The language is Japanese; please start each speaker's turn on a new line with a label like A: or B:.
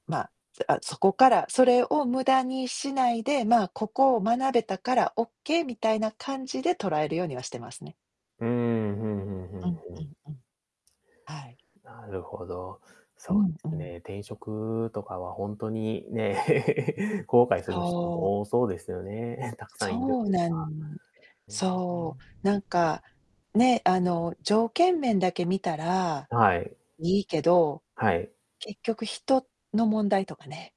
A: ま、あ、そこからそれを無駄にしないで、ま、ここを学べたからオッケーみたいな感じで捉えるようにはしてますね。
B: うーん、ふんふんふ
A: う
B: ん
A: ん
B: ふ
A: うん
B: ん。
A: うん。はい。
B: なるほど。
A: う
B: そ
A: ん、う
B: うです
A: ん。
B: ね、転職とかは本当にね、後悔する人
A: そう。
B: も多そうですよね。たくさんいる
A: そ
B: っ
A: う
B: ていう
A: な
B: か。
A: ん
B: へ
A: そう、なん
B: え。
A: か、ね、あの、条件面だけ見たら
B: はい。
A: いいけど、
B: はい。
A: 結局、人の問題とかね。